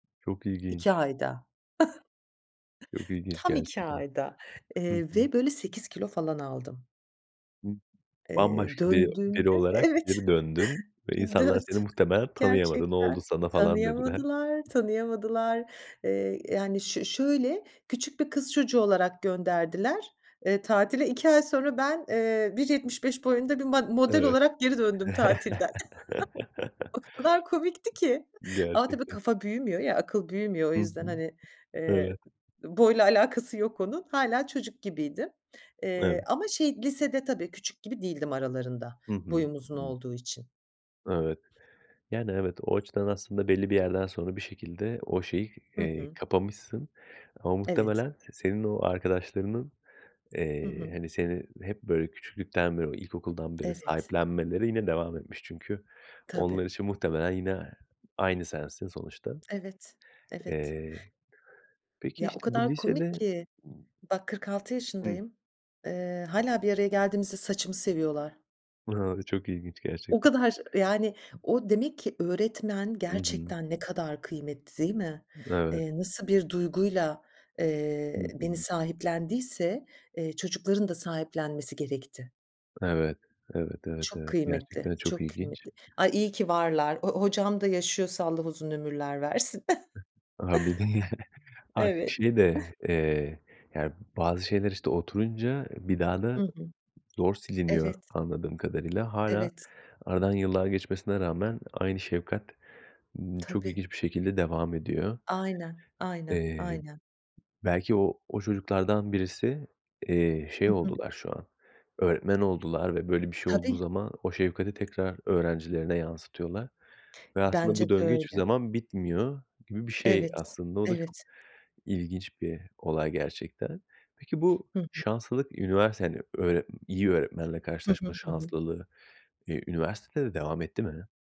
Çok 2 ilginç. ayda. Çok ilginç Tam 2 gerçekten. ayda, Hı eee, hı. ve böyle 8 kilo falan aldım. Hı. Eee, Bambaşka bir biri döndüğümde, olarak evet, geri döndün ve insanlar seni döt muhtemelen tanıyamadı. "Ne oldu gerçekten sana?" falan dediler. tanıyamadılar, tanıyamadılar, eee, yani, ş şöyle, küçük bir kız çocuğu olarak gönderdiler, eee, tatile. 2 ay sonra ben, eee, 1.75 boyunda bir ma model Evet. olarak geri döndüm tatilden. O kadar komikti ki, ama tabii, Gerçekten. kafa büyümüyor ya, akıl büyümüyor. O Hı yüzden, hı. hani, eee, Evet. boyla alakası yok onun. Hâlâ, çocuk gibiydim, Evet. eee, ama, şey, lisede tabii küçük gibi değildim aralarında, Hı hı, boyum uzun hı. olduğu için. Evet. Yani, evet, o açıdan, aslında belli bir yerden sonra, bir şekilde o şeyi, Hı eee, hı. kapamışsın, ama Evet. muhtemelen s senin o arkadaşlarının, Hı eee, hı. hani, seni hep böyle küçüklükten beri, o ilkokuldan beri Evet. sahiplenmeleri yine devam etmiş. Çünkü, Tabii. onlar için, muhtemelen, yine aynı sensin sonuçta. Evet. Evet. Eee, peki, Ya, o işte, bu kadar komik lisede ki, bak 46 Hı. yaşındayım. Iıı, hâlâ bir araya geldiğimizde saçımı seviyorlar. A, çok ilginç O gerçekten. kadar, yani, o, demek ki, öğretmen I hı. gerçekten ne kadar kıymetli değil mi? Evet. Eee, nasıl bir duyguyla, Hı eee, beni hı. sahiplendiyse, eee, çocukların da sahiplenmesi gerekti. Evet, evet, evet, Çok evet, kıymetli, gerçekten çok çok ilginç. kıymetli. Ay, iyi ki varlar. O-o hocam da yaşıyorsa Allah uzun ömürler versin. A, bir de ya, artık Evet. şey de, eee, yani bazı şeyler, işte, oturunca bir daha da Hı hı. zor siliniyor Evet. anladığım kadarıyla. Hâlâ, Evet. aradan yıllar geçmesine rağmen, aynı şefkat, ımm, çok Tabii. ilginç bir şekilde devam ediyor. Aynen, aynen, Eee, aynen. belki o, o çocuklardan birisi, eee, şey Hı hı. oldular şu an, öğretmen oldular ve böyle bir şey olduğu Tabii. zaman, o şefkati tekrar öğrencilerine yansıtıyorlar, ve aslında Bence bu de döngü hiçbir öyle. zaman bitmiyor gibi bir şey Evet, aslında. O da, çok evet. ilginç bir olay gerçekten. Peki, bu Hı hı. şanslılık üniversitede, hani, öğre iyi bir öğretmenle Hı hı. karşılaşma Hı hı. şanslılığı, iii, üniversitede de devam etti mi?